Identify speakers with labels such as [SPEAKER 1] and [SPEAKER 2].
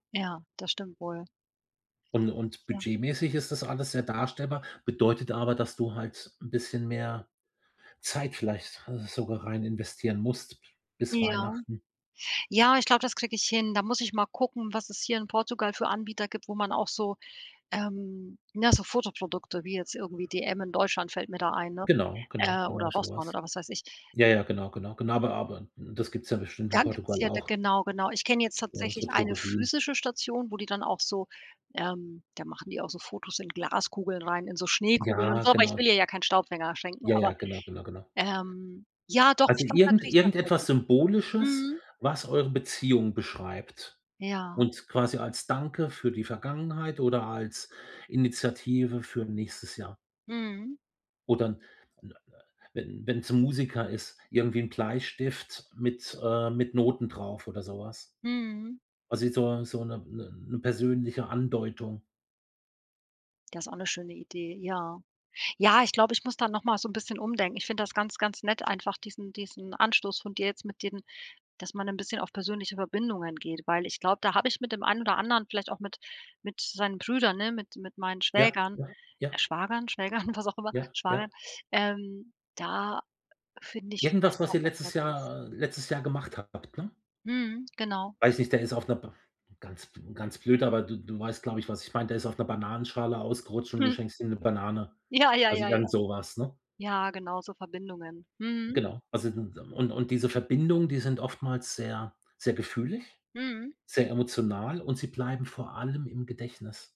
[SPEAKER 1] Ja, das stimmt wohl.
[SPEAKER 2] Und und
[SPEAKER 1] Ja.
[SPEAKER 2] budgetmäßig ist das alles sehr darstellbar, bedeutet aber, dass du halt 'n bisschen mehr Zeit vielleicht sogar rein investieren musst b bis
[SPEAKER 1] Ja.
[SPEAKER 2] Weihnachten.
[SPEAKER 1] Ja, ich glaube, das kriege ich hin. Da muss ich mal gucken, was es hier in Portugal für Anbieter gibt, wo man auch so ähm, ne, so Fotoprodukte, wie jetzt irgendwie DM in Deutschland fällt mir da ein, ne?
[SPEAKER 2] Genau, genau,
[SPEAKER 1] Äh, oder
[SPEAKER 2] genau so
[SPEAKER 1] Rossmann
[SPEAKER 2] was.
[SPEAKER 1] oder was weiß ich.
[SPEAKER 2] Ja, ja, genau, genau, gena aber aber n das gibt's ja bestimmt in
[SPEAKER 1] Dann gibt's
[SPEAKER 2] Portugal
[SPEAKER 1] hier d
[SPEAKER 2] auch.
[SPEAKER 1] genau, genau. Ich kenne jetzt
[SPEAKER 2] Oder,
[SPEAKER 1] tatsächlich
[SPEAKER 2] so
[SPEAKER 1] eine
[SPEAKER 2] Drogerien.
[SPEAKER 1] physische Station, wo die dann auch so ähm, da machen die auch so Fotos in Glaskugeln rein, in so Schneekugeln und
[SPEAKER 2] Ja,
[SPEAKER 1] so, aber ich will
[SPEAKER 2] genau.
[SPEAKER 1] ihr ja keinen Staubfänger schenken,
[SPEAKER 2] Ja,
[SPEAKER 1] aber
[SPEAKER 2] ja, genau, genau, genau.
[SPEAKER 1] ähm, ja doch,
[SPEAKER 2] Also
[SPEAKER 1] ich glaube, da
[SPEAKER 2] irgend
[SPEAKER 1] kann ich was finden.
[SPEAKER 2] irgendetwas Symbolisches,
[SPEAKER 1] Mhm.
[SPEAKER 2] was eure Beziehung beschreibt
[SPEAKER 1] Ja.
[SPEAKER 2] und quasi als Danke für die Vergangenheit oder als Initiative für nächstes Jahr.
[SPEAKER 1] Mhm.
[SPEAKER 2] Oder 'n 'n äh, wenn wenn's 'n Musiker ist, irgendwie 'n Bleistift mit äh, mit Noten drauf oder so was.
[SPEAKER 1] Mhm.
[SPEAKER 2] Also, jetzt so so 'ne 'ne 'ne persönliche Andeutung.
[SPEAKER 1] Das ist auch 'ne schöne Idee, ja. Ja, ich glaube, ich muss da noch mal so 'n bisschen umdenken. Ich finde das ganz, ganz nett einfach diesen diesen Anstoß von dir jetzt mit dem, dass man 'n bisschen auf persönlichere Verbindungen geht, weil ich glaube, da habe ich mit dem einen oder anderen vielleicht auch mit mit seinen Brüdern, ne, mit mit meinen
[SPEAKER 2] Ja,
[SPEAKER 1] Schwägern
[SPEAKER 2] ja, ja.
[SPEAKER 1] äh, Schwagern, Schwägern, was auch immer,
[SPEAKER 2] Ja,
[SPEAKER 1] Schwager
[SPEAKER 2] ja.
[SPEAKER 1] ähm, da finde ich
[SPEAKER 2] Irgendwas,
[SPEAKER 1] vielleicht
[SPEAKER 2] was
[SPEAKER 1] auch
[SPEAKER 2] ihr
[SPEAKER 1] was
[SPEAKER 2] letztes
[SPEAKER 1] Nettes.
[SPEAKER 2] Jahr äh, letztes Jahr gemacht habt, ne?
[SPEAKER 1] Mhm, genau.
[SPEAKER 2] Weiß nicht, der ist auf 'ner br ganz b ganz blöd, aber du du weißt, glaube ich, was ich meine. Der ist auf 'ner Bananenschale ausgerutscht und du
[SPEAKER 1] Hm.
[SPEAKER 2] schenkst ihm 'ne Banane,
[SPEAKER 1] Ja, ja,
[SPEAKER 2] also
[SPEAKER 1] ja, ja.
[SPEAKER 2] irgend so was, ne?
[SPEAKER 1] Ja, genau, so Verbindungen. Mhm.
[SPEAKER 2] Genau. Also d n und und diese Verbindungen, die sind oftmals sehr sehr gefühlig,
[SPEAKER 1] Mhm.
[SPEAKER 2] sehr emotional und sie bleiben vor allem im Gedächtnis.